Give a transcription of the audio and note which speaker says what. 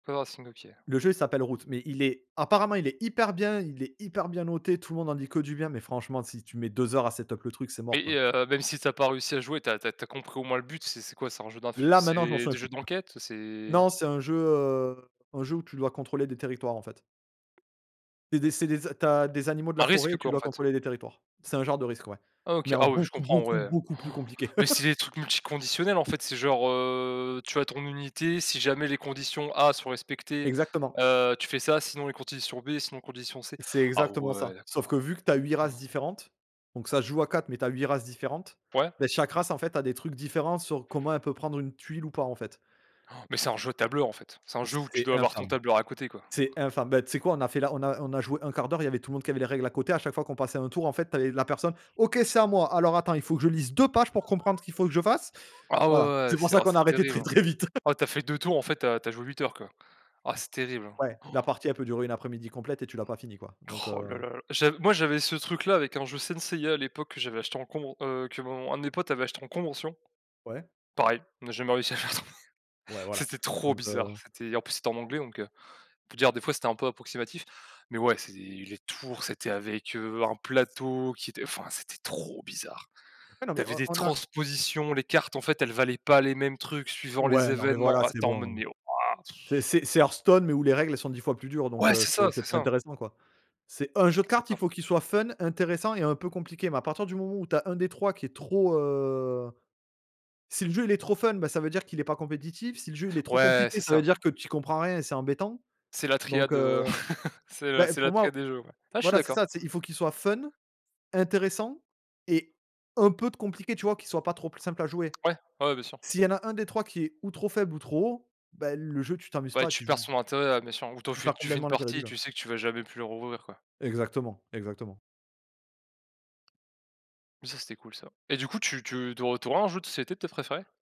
Speaker 1: [unintelligible] ok.
Speaker 2: Le jeu, il s'appelle Root, mais il est apparemment il est hyper bien il est hyper bien noté. Tout le monde en dit que du bien, mais franchement, si tu mets 2 heures à set up le truc, c'est
Speaker 1: Mais,
Speaker 2: mort, quoi.
Speaker 1: heu, même si tu as pas réussi à jouer, tu as tu as tu as compris au moins le but ?C'est c'est quoi? C'est un jeu d'influ
Speaker 2: Là, maintenant, je m'en
Speaker 1: c'est
Speaker 2: souviens
Speaker 1: des
Speaker 2: plus.
Speaker 1: jeux d'enquête? C'est
Speaker 2: Non, c'est un jeu heu, un jeu où tu dois contrôler des territoires, en fait. C'est des c'est des a tu as des animaux de la
Speaker 1: Un
Speaker 2: forêt et
Speaker 1: Risk
Speaker 2: tu
Speaker 1: quoi, en
Speaker 2: dois
Speaker 1: fait?
Speaker 2: contrôler des territoires. C'est un genre de Risk, ouais,
Speaker 1: Ah OK,
Speaker 2: mais en
Speaker 1: ah oui, oui, je
Speaker 2: beaucoup,
Speaker 1: comprends,
Speaker 2: beaucoup,
Speaker 1: ouais.
Speaker 2: beaucoup plus compliqué.
Speaker 1: Mais c'est des trucs multiconditionnels, en fait. C'est genre, heu, tu as ton unité, si jamais les conditions A sont respectées,
Speaker 2: Exactement.
Speaker 1: heu, tu fais ça, sinon, les conditions B, sinon, conditions C.
Speaker 2: C'est
Speaker 1: Ah
Speaker 2: exactement
Speaker 1: ouais,
Speaker 2: ça. Sauf que,
Speaker 1: d'accord!
Speaker 2: vu que tu as 8 races différentes donc ça se joue à 4, mais tu as 8 races différentes.
Speaker 1: Ouais.
Speaker 2: Ben chaque race, en fait, a des trucs différents sur comment elle peut prendre une tuile ou pas, en fait.
Speaker 1: Mais c'est un jeu tableur, en fait. C'est un jeu où tu
Speaker 2: C'est
Speaker 1: dois avoir ton
Speaker 2: infâme
Speaker 1: tableur à côté, quoi.
Speaker 2: c'est infâme. Ben, tu sais quoi? On a fait la on a on a joué 1/4. Il y avait tout le monde qui avait les règles à côté, à chaque fois qu'on passait un tour, en fait, tu avais la personne: «OK c'est à moi. Alors attends, il faut que je lise 2 pages pour comprendre ce qu'il faut que je fasse».
Speaker 1: Ah ouais,
Speaker 2: Voilà,
Speaker 1: ouais, ouais
Speaker 2: c'est pour
Speaker 1: c'est
Speaker 2: ça
Speaker 1: oh,
Speaker 2: qu'on a
Speaker 1: c'est
Speaker 2: arrêté très,
Speaker 1: terrible, hein!
Speaker 2: très vite.
Speaker 1: Ah tu as fait 2 tours, en fait, heu, tu as joué 8 heures, quoi. Ah c'est terrible,
Speaker 2: Ouais.
Speaker 1: hein!.
Speaker 2: La partie elle peut durer une après-midi complète et tu l'as pas finie, quoi. Donc
Speaker 1: Roh
Speaker 2: heu
Speaker 1: lala lala. J'av moi, j'avais ce truc là avec un jeu Saint Seiya, à l'époque que j'avais acheté en con heu, que mon un de mes potes avait acheté en convention.
Speaker 2: Ouais.
Speaker 1: Pareil, on a jamais réussi à le faire tourner.
Speaker 2: Ouais, voilà.
Speaker 1: C'était trop
Speaker 2: Donc
Speaker 1: bizarre!
Speaker 2: heu
Speaker 1: C'était en plus, c'était en anglais, donc heu, on peut dire des fois c'était un peu approximatif. Mais ouais, c'est les tours c'était avec heu, un plateau qui était enfin, c'était trop bizarre.
Speaker 2: Ouais, non
Speaker 1: Tu
Speaker 2: mais
Speaker 1: avais
Speaker 2: on
Speaker 1: des
Speaker 2: on a
Speaker 1: transpositions, les cartes en fait, elles valaient pas les mêmes trucs suivant les
Speaker 2: ouais, non, mais
Speaker 1: événements
Speaker 2: voilà,
Speaker 1: ah,
Speaker 2: c'est
Speaker 1: c'était en mode:
Speaker 2: bon.
Speaker 1: «Mais, waouh pff»!
Speaker 2: C'est c'est c'est Heartstone, mais où les règles sont 10 fois plus dures. Donc
Speaker 1: Ouais,
Speaker 2: heu,
Speaker 1: c'est ça
Speaker 2: c'est c'est
Speaker 1: c'est
Speaker 2: pas
Speaker 1: ça!
Speaker 2: intéressant, quoi. C'est un jeu de
Speaker 1: C'est
Speaker 2: cartes,
Speaker 1: ça.
Speaker 2: il faut qu'il soit fun, intéressant et un peu compliqué. Mais à partir du moment où tu as un des 3 qui est trop, heu, si le jeu il est trop fun, bah ça veut dire qu'il est pas compétitif, si le jeu il est trop
Speaker 1: Ouais,
Speaker 2: compliqué,
Speaker 1: c'est
Speaker 2: ça veut
Speaker 1: ça.
Speaker 2: dire que tu y comprends rien, et c'est embêtant.
Speaker 1: C'est la
Speaker 2: Donc
Speaker 1: triade, heu,
Speaker 2: heu,
Speaker 1: c'est heu
Speaker 2: ben
Speaker 1: c'est la
Speaker 2: pour moi
Speaker 1: triade des jeux, ouais. Ah je suis
Speaker 2: voilà c'est
Speaker 1: d'accord.
Speaker 2: ça, c'est il faut qu'il soit fun, intéressant et un peu compliqué tu vois, qu'il soit pas trop pl simple à jouer.
Speaker 1: Ouais. Ouais, ouais, bien sûr.
Speaker 2: S'il y en a un des 3 qui est ou trop faible ou trop haut, ben le jeu tu t'amuses
Speaker 1: Ouais,
Speaker 2: pas, tu
Speaker 1: tu
Speaker 2: y
Speaker 1: perds
Speaker 2: joues
Speaker 1: son intérêt, bien sûr. Ou t'en
Speaker 2: tu
Speaker 1: f
Speaker 2: perds
Speaker 1: tu fais une
Speaker 2: complètement l'intérêt du
Speaker 1: partie et
Speaker 2: jeu.
Speaker 1: tu sais que tu vas jamais plus le rouvrir, quoi.
Speaker 2: Exactement, exactement.
Speaker 1: Mais ça, c'était cool, ça. Et du coup, tu tu tau tu aurais un jeu de société peut-être, préféré?